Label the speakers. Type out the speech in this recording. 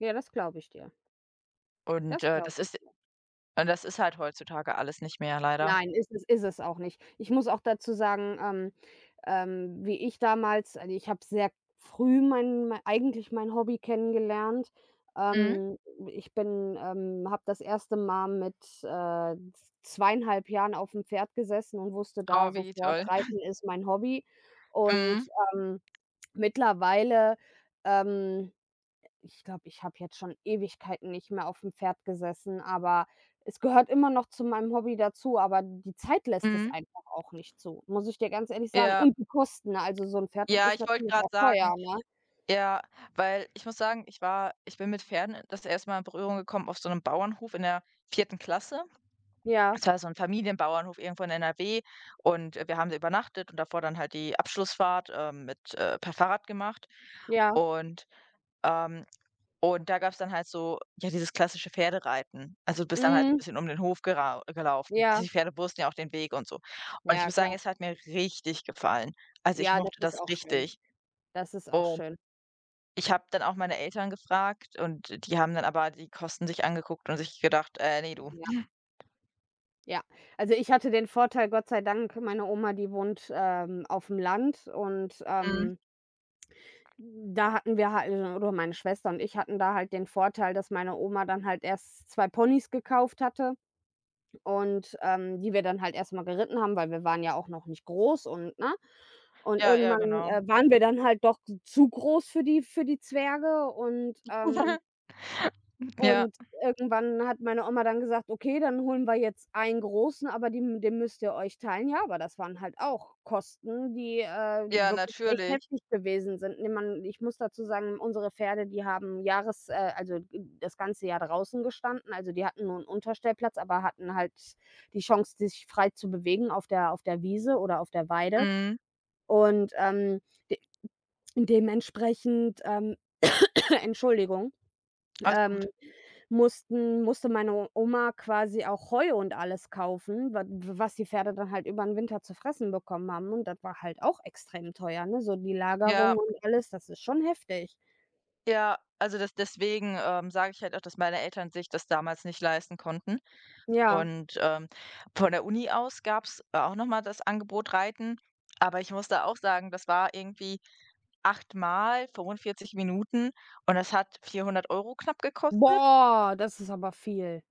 Speaker 1: Ja, das glaube ich dir.
Speaker 2: Und,
Speaker 1: Das
Speaker 2: äh, das
Speaker 1: glaube ich
Speaker 2: ist
Speaker 1: dir.
Speaker 2: und das ist halt heutzutage alles nicht mehr, leider.
Speaker 1: Nein, ist es ist es auch nicht. Ich muss auch dazu sagen, ähm, ähm wie ich damals also, ich habe sehr früh mein mei eigentlich mein Hobby kennengelernt.
Speaker 2: Mhm.
Speaker 1: Ähm, ich bin, ähm habe das erste Mal mit, äh, z 2,5 Jahren aufm Pferd gesessen und wusste da
Speaker 2: Oh, wie
Speaker 1: sofort,
Speaker 2: toll.
Speaker 1: Reiten ist mein Hobby. Und,
Speaker 2: Mhm.
Speaker 1: ähm, mittlerweile, ähm ich glaube, ich habe jetzt schon Ewigkeiten nicht mehr aufm Pferd gesessen, aber es gehört immer noch zu meinem Hobby dazu, aber die Zeit lässt es
Speaker 2: Mhm.
Speaker 1: einfach auch nicht zu, muss ich dir ganz ehrlich sagen.
Speaker 2: Ja.
Speaker 1: Und die Kosten, ne? Also so 'n Pferd, das
Speaker 2: Ja,
Speaker 1: ist
Speaker 2: ich wollte
Speaker 1: natürlich
Speaker 2: gerade
Speaker 1: auch
Speaker 2: sagen
Speaker 1: teuer, ne?
Speaker 2: Ja, weil ich muss sagen, ich war ich bin mit Pferden, äh, das 1. Mal in Berührung gekommen auf so 'nem Bauernhof in der 4. Klasse.
Speaker 1: Ja.
Speaker 2: Das war so 'n Familienbauernhof irgendwo in NRW und, äh, wir haben da übernachtet und davor dann halt die Abschlussfahrt, ähm, mit äh, per Fahrrad gemacht.
Speaker 1: Ja.
Speaker 2: Und, ähm und da gab's dann halt so, ja, dieses klassische Pferdereiten. Also, du bist dann halt 'n
Speaker 1: Mhm.
Speaker 2: bisschen um den Hof gerau gelaufen. Also,
Speaker 1: Ja.
Speaker 2: die Pferde wussten ja auch den Weg und so. Und ich
Speaker 1: Ja,
Speaker 2: muss sagen,
Speaker 1: klar.
Speaker 2: es hat mir richtig gefallen. Also, ich
Speaker 1: Ja, das
Speaker 2: mochte
Speaker 1: ist
Speaker 2: das
Speaker 1: auch schön.
Speaker 2: richtig.
Speaker 1: Das ist auch
Speaker 2: Und
Speaker 1: schön.
Speaker 2: ich habe dann auch meine Eltern gefragt, und die haben dann aber die Kosten sich angeguckt und sich gedacht: „Äh, ne, du.“
Speaker 1: Ja.
Speaker 2: [unintelligible]
Speaker 1: Ja, also, ich hatte den Vorteil, Gott sei Dank meine Oma, die wohnt, ähm, auf'm Land und,
Speaker 2: Mhm.
Speaker 1: ähm hm, da hatten wir halt o oder meine Schwester und ich hatten da halt den Vorteil, dass meine Oma dann halt erst 2 Ponys gekauft hatte und, ähm die wir dann halt erst mal geritten haben, weil wir waren ja auch noch nicht groß und ne? Und
Speaker 2: Ja, ja,
Speaker 1: irgendwann,
Speaker 2: genau.
Speaker 1: äh, waren wir dann halt doch zu groß für die für die Zwerge und, ähm
Speaker 2: Hm, ja.
Speaker 1: und irgendwann hat meine Oma dann gesagt: „Okay, dann holen wir jetzt einen Großen, aber den den müsst ihr euch teilen.“ Ja, aber das waren halt auch Kosten, die, äh,
Speaker 2: Ja,
Speaker 1: wirklich echt
Speaker 2: natürlich.
Speaker 1: heftig gewesen sind. Ne, man ich muss dazu sagen, unsere Pferde, die haben Jahres äh, also, d das ganze Jahr draußen gestanden. Also, die hatten nur 'n Unterstellplatz, aber hatten halt die Chance, sich frei zu bewegen auf der auf der Wiese oder auf der Weide.
Speaker 2: Mhm.
Speaker 1: Und, ähm, de d dementsprechend ähm Entschuldigung
Speaker 2: Alles gut.
Speaker 1: ähm, mussten musste meine Oma quasi auch Heu und alles kaufen, wa w was die Pferde dann halt übern Winter zu fressen bekommen haben. Und das war halt auch extrem teuer, ne? So die
Speaker 2: Ja.
Speaker 1: Lagerung und alles, das ist schon heftig.
Speaker 2: Ja, also, des deswegen, ähm, sage ich halt auch, dass meine Eltern sich das damals nicht leisten konnten.
Speaker 1: Ja.
Speaker 2: Und, ähm, von der Uni aus gab's auch noch mal das Angebot Reiten. Aber ich muss da auch sagen, das war irgendwie 8 Mal, 45 Minuten und das hat 400 € knapp gekostet?
Speaker 1: Boah, das ist aber viel.